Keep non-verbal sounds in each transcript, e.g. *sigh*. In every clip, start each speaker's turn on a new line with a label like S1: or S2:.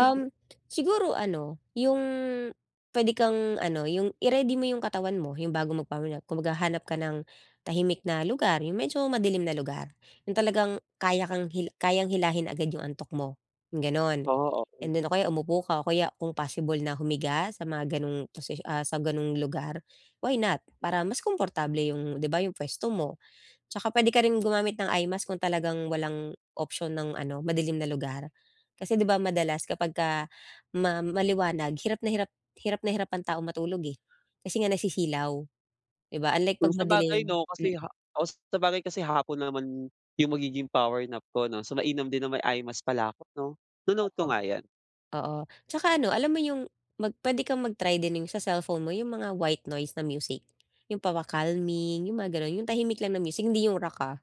S1: Um, siguro ano, yung pwede kang ano, yung i-ready mo yung katawan mo. Yung bago mag-power nap, kumbaga, hanap ka ng tahimik na lugar, yung medyo madilim na lugar. Yung talagang kaya kang hila kayang hilahin agad yung antok mo, ganon.
S2: Oo.
S1: And
S2: Okey.
S1: then, o kaya umupo ka, o kaya kung possible na humiga, sa mga ganong position ah sa ganong lugar, why not? Para mas komportable yung 'di ba yung pwesto mo. Tsaka pwede ka rin gumamit ng eye mask kung talagang walang option ng ano, madilim na lugar. Kasi 'di ba, madalas, kapag ka ma maliwanag, hirap na hirap hirap na hirap ang taong matulog, eh, kasi nga nasisilaw. 'Di ba, unlike 'pag
S2: Kung sabagay,
S1: madilim.
S2: 'no?
S1: Hmm.
S2: Kasi ha os, sabagay kasi hapon naman yung magiging power nap ko, 'no? So, mainam din na may eye mask pala ako, 'no? Ino-note
S1: Oo.
S2: ko nga yan.
S1: Oo, tsaka ano, alam mo yun mag pwede kang mag-try din yung sa cellphone mo, yung mga white noise na music. Yung pampa-calming, yung mga ganun. Yung tahimik lang na music, hindi yung rock ah.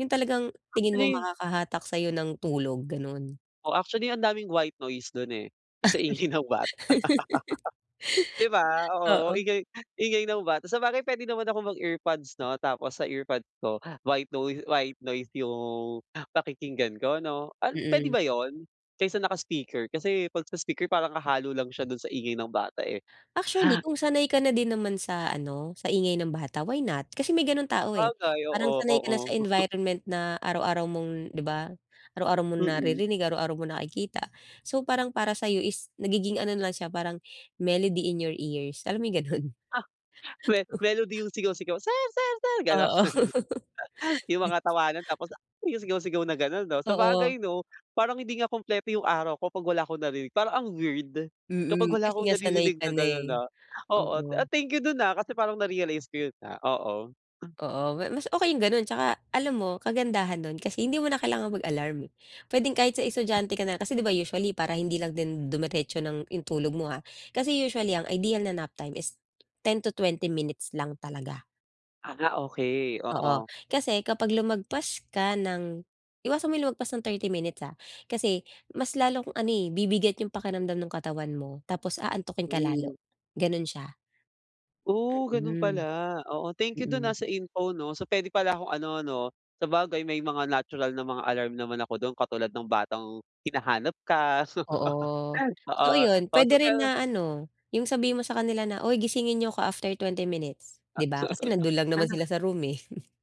S1: Yung talagang tingin mo
S2: Actually
S1: makakahatak sayo ng tulog, ganon.
S2: Oo. Actually, ang daming white noise dun, eh, kasi ingay ng bata.
S1: *laughs*
S2: *laughs* Di ba? Oo,
S1: Oo.
S2: ingay ingay ng bata. Sabagay, pwede naman akong mag-earpods 'no? Tapos sa earpods ko, white noise white noise yung pakikinggan ko, 'no? An pwede
S1: Mm.
S2: ba yun? Kaysa naka speaker. Kasi 'pag sa speaker parang hahalo lang siya dun sa ingay ng bata eh.
S1: Actually,
S2: Ha
S1: kung sanay ka na din naman sa ano, sa ingay ng bata, why not? Kasi may ganong tao, eh.
S2: Sabagay,
S1: Parang
S2: oo
S1: sanay ka
S2: oo.
S1: na sa
S2: Gusto
S1: environment na araw-araw mong 'di ba? Araw-araw mong
S2: Mm.
S1: naririnig, araw-araw mo nakikita. So, parang para sayo is nagiging ano lang siya, parang melody in your ears. Alam mo yung ganun?
S2: Ah *chuckles* me melody
S1: *chuckles*
S2: yung sigaw-sigaw, sir-sir sir ganon.
S1: Oo. *laughs*
S2: *chuckles* Yung
S1: Ge
S2: mga tawanan tapos, ah, yung sigaw-sigaw na ganon, 'no?
S1: Oo.
S2: Sabagay, 'no? Parang hindi nga kumpleto yung araw ko pag wala akong narinig, parang ang weird, kapag
S1: Mm,
S2: wala
S1: kasi
S2: akong
S1: nga sanay
S2: naririnig
S1: ka
S2: na
S1: na,
S2: ganon
S1: eh.
S2: na oo. Ah,
S1: Oo.
S2: thank you dun, ah, kasi parang narealize ko yun na oo.
S1: Oo. Ma mas okay yung ganon. Tsaka alam mo, kagandahan dun kasi hindi mo na kailangang mag-alarm, eh. Pwedeng kahit sa estudyante ka na. Kasi, 'di ba, usually para hindi lang din dumiretso ng yung tulog mo ha. Kasi usually, ang ideal na nap time is 10 to 20 minutes lang talaga.
S2: Ah, okey.
S1: Oo.
S2: Oo.
S1: Kasi kapag lumagpas ka ng iwasan mo yung lumagpas ng 30 minutes ha. Kasi mas lalong ano, eh, bibigat yung pakiramdam ng katawan mo tapos aantukin ka
S2: Hmm.
S1: lalo, ganon siya.
S2: Oh, ganun pala.
S1: Mhm.
S2: Oo, thank you dun,
S1: Mm.
S2: ah, sa info, 'no? So, pwede pala akong ano, 'no? Sabagay, may mga natural na mga alarm naman ako dun katulad ng batang hinahanap ka so
S1: Oo. So,
S2: oo.
S1: ayun
S2: So,
S1: pwede rin
S2: pero
S1: na ano, yung sabihin mo sa kanila na, "Uy gisingin niyo ako after twenty 20 minutes," 'di
S2: At
S1: ba? Kasi nandun lang naman
S2: sa
S1: sila sa room eh. *chuckles*